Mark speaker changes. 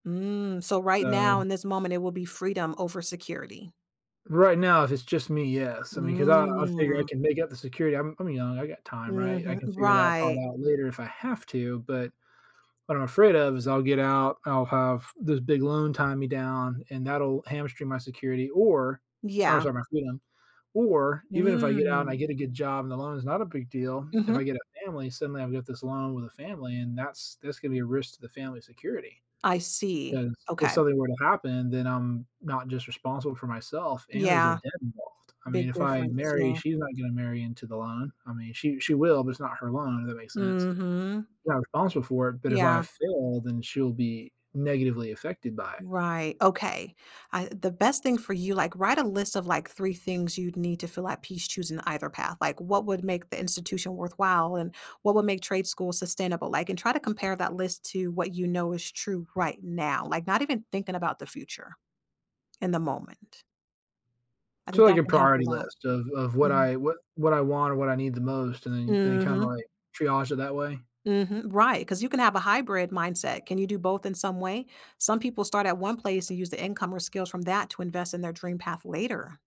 Speaker 1: Mm, so right now
Speaker 2: So
Speaker 1: in this moment, it will be freedom over security.
Speaker 2: right now, if it's just me, yes, I mean, 'cause I'll I'll figure I
Speaker 1: Mm.
Speaker 2: can make up the security, I'm I'm young, I got time, right? I
Speaker 1: Mhm
Speaker 2: can figure that part
Speaker 1: Right.
Speaker 2: out later if I have to, but, what I'm afraid of is I'll get out, I'll have this big loan tie me down and that'll hamstring my security or, I
Speaker 1: Yeah.
Speaker 2: lose all my freedom, or, even if I get out and
Speaker 1: Mm.
Speaker 2: I get a good job and the loan is not a big deal, if I
Speaker 1: Mhm.
Speaker 2: get a family, suddenly I've got this loan with a family and that's that's gonna be a risk to the family security.
Speaker 1: I see,
Speaker 2: 'Cause if
Speaker 1: okay.
Speaker 2: something were to happen, then I'm not just responsible for myself and there's a
Speaker 1: Yeah.
Speaker 2: debt involved. I mean,
Speaker 1: Big
Speaker 2: if I
Speaker 1: difference,
Speaker 2: marry,
Speaker 1: yeah.
Speaker 2: she's not gonna marry into the loan, I mean, she she will, but it's not her loan, if that makes sense.
Speaker 1: Mhm.
Speaker 2: Yeah, I'm responsible for it, but if I
Speaker 1: Yeah.
Speaker 2: fail, then she'll be negatively affected by it.
Speaker 1: Right, okay, I the best thing for you, like, write a list of, like, 3 things you'd need to fill at peace choosing either path, like, what would make the institution worthwhile and what would make trade school sustainable, like, and try to compare that list to what you know is true right now, like, not even thinking about the future. In the moment. I
Speaker 2: So,
Speaker 1: think
Speaker 2: like
Speaker 1: that
Speaker 2: a
Speaker 1: can help a
Speaker 2: priority
Speaker 1: lot,
Speaker 2: list of of what
Speaker 1: mhm.
Speaker 2: I what what I want or what I need the most and then and then kind of,
Speaker 1: Mhm.
Speaker 2: like, triage it that way?
Speaker 1: Mhm, right 'cause you can have a hybrid mindset, can you do both in some way? Some people start at one place and use the income or skills from that to invest in their dream path later.